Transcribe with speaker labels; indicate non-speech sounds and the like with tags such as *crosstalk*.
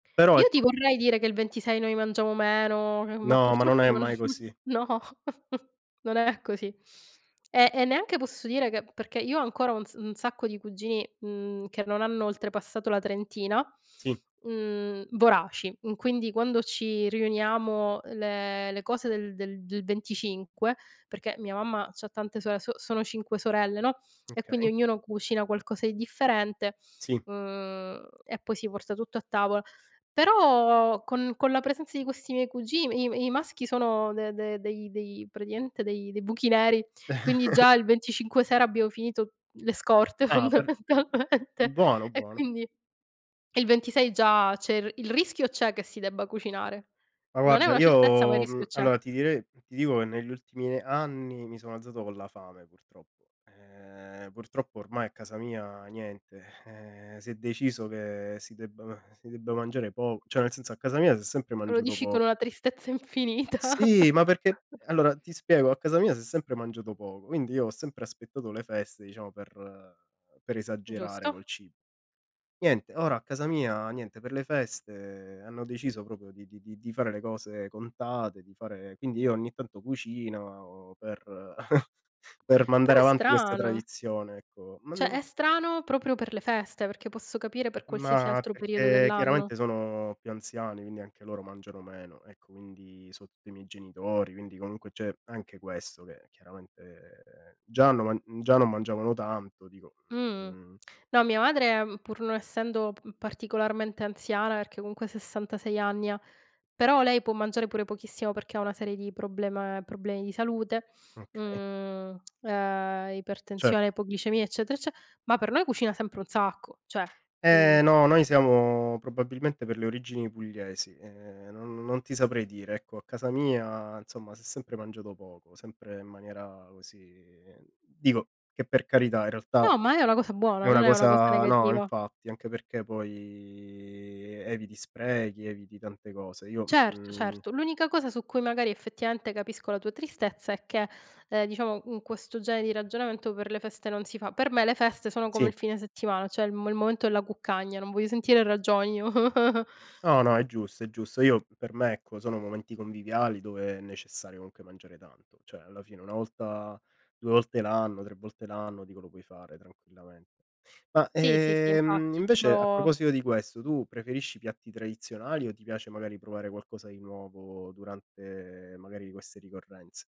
Speaker 1: Però
Speaker 2: Io ti
Speaker 1: ecco
Speaker 2: vorrei dire che il 26 noi mangiamo meno, che ma,
Speaker 1: No, ma non
Speaker 2: purtroppo,
Speaker 1: è
Speaker 2: non
Speaker 1: mai
Speaker 2: *giggles*
Speaker 1: così.
Speaker 2: no, *giggles* non è così. Eh, e neanche posso dire che perché io ho ancora un s sacco di cugini, mhmm, che non hanno oltrepassato la trentina,
Speaker 1: Sì.
Speaker 2: mhmm, voraci. Mhmm, quindi, quando ci riuniamo, le le cose del del del 25, perché mia mamma c'ha tante sore s sono 5 sorelle, no, e quindi
Speaker 1: Okay.
Speaker 2: ognuno cucina qualcosa di differente,
Speaker 1: Sì.
Speaker 2: uhm, e poi si porta tutto a tavola. Però, con con la presenza di questi miei cugi i m i maschi sono de dei dei dei praticamente, dei dei buchi neri, quindi già
Speaker 1: *chuckles*
Speaker 2: il 25 sera abbiamo finito le scorte,
Speaker 1: Ah, per
Speaker 2: fondamentalmente,
Speaker 1: buono
Speaker 2: e
Speaker 1: buono.
Speaker 2: quindi il 26 già c'è il il rischio, c'è, che si debba cucinare.
Speaker 1: Ma
Speaker 2: Non è
Speaker 1: guarda
Speaker 2: una certezza, ma il
Speaker 1: io,
Speaker 2: rischio
Speaker 1: mhmm,
Speaker 2: c'è.
Speaker 1: allora ti direi ti dico che negli ultimi anni mi sono alzato con la fame purtroppo. Ehm, purtroppo ormai a casa mia niente, eh, si è deciso che si debba si debba mangiare poco, cioè nel senso a casa mia si è sempre
Speaker 2: Lo
Speaker 1: mangiato
Speaker 2: dici
Speaker 1: poco
Speaker 2: con una tristezza infinita.
Speaker 1: sì, ma perché
Speaker 2: *chuckles*
Speaker 1: allora, ti spiego, a casa mia si è sempre mangiato poco, quindi io ho sempre aspettato le feste, diciamo, per per esagerare
Speaker 2: Giusto.
Speaker 1: col cibo. Niente, ora a casa mia niente, per le feste hanno deciso proprio di di di di fare le cose contate, di fare quindi io ogni tanto cucino per *chuckles* per
Speaker 2: Però
Speaker 1: mandare
Speaker 2: è
Speaker 1: avanti questa
Speaker 2: strano.
Speaker 1: tradizione, ecco, ma
Speaker 2: Cioè,
Speaker 1: non
Speaker 2: è strano proprio per le feste, perché posso capire per qualsiasi
Speaker 1: ma
Speaker 2: altro periodo
Speaker 1: perché
Speaker 2: dell'anno.
Speaker 1: chiaramente sono più anziani, quindi anche loro mangiano meno. Ecco quindi soprattutto i miei genitori, quindi comunque c'è anche questo che chiaramente già non ma già non mangiavano tanto, dico,
Speaker 2: Mh-mh.
Speaker 1: mhmm
Speaker 2: No, mia madre, pur non essendo pa particolarmente anziana, perché, comunque, 66 anni ha, però lei può mangiare pure pochissimo perché ha una serie di problema problemi di salute,
Speaker 1: Okay.
Speaker 2: mhmm, ehm,
Speaker 1: Certo.
Speaker 2: ipertensione, ipoglicemia, eccetera ecce ma per noi cucina sempre un sacco, cioè, mhmm
Speaker 1: Eh, no, noi siamo probabilmente per le origini pugliesi, ehm, no non ti saprei dire. Ecco, a casa mia insomma si è sempre mangiato poco, sempre in maniera così dico che per carità in realtà
Speaker 2: No, ma è una cosa
Speaker 1: è
Speaker 2: buona, non
Speaker 1: una
Speaker 2: è una cosa
Speaker 1: cosa no,
Speaker 2: negativa.
Speaker 1: infatti, anche perché poi eviti sprechi, eviti tante cose. Io,
Speaker 2: Certo,
Speaker 1: mhmm
Speaker 2: certo. L'unica cosa su cui magari effettivamente capisco la tua tristezza è che, ehm, diciamo, in questo genere di ragionamento per le feste non si fa. Per me le feste sono come
Speaker 1: Sì.
Speaker 2: il fine settimana, cioè il mo il momento della cuccagna, non voglio sentire ragioni, io. *chuckles*
Speaker 1: No, no, è giusto, è giusto. Io, per me, ecco, sono momenti conviviali dove è necessario, comunque, mangiare tanto. Cioè, alla fine, una volta, 2 volte l'anno, 3 volte l'anno, dico, lo puoi fare tranquillamente. Ma,
Speaker 2: Sì, sì, sì,
Speaker 1: ehm,
Speaker 2: infatti,
Speaker 1: invece, a
Speaker 2: solo.
Speaker 1: proposito di questo, tu preferisci piatti tradizionali o ti piace, magari, provare qualcosa di nuovo durante, magari, queste ricorrenze?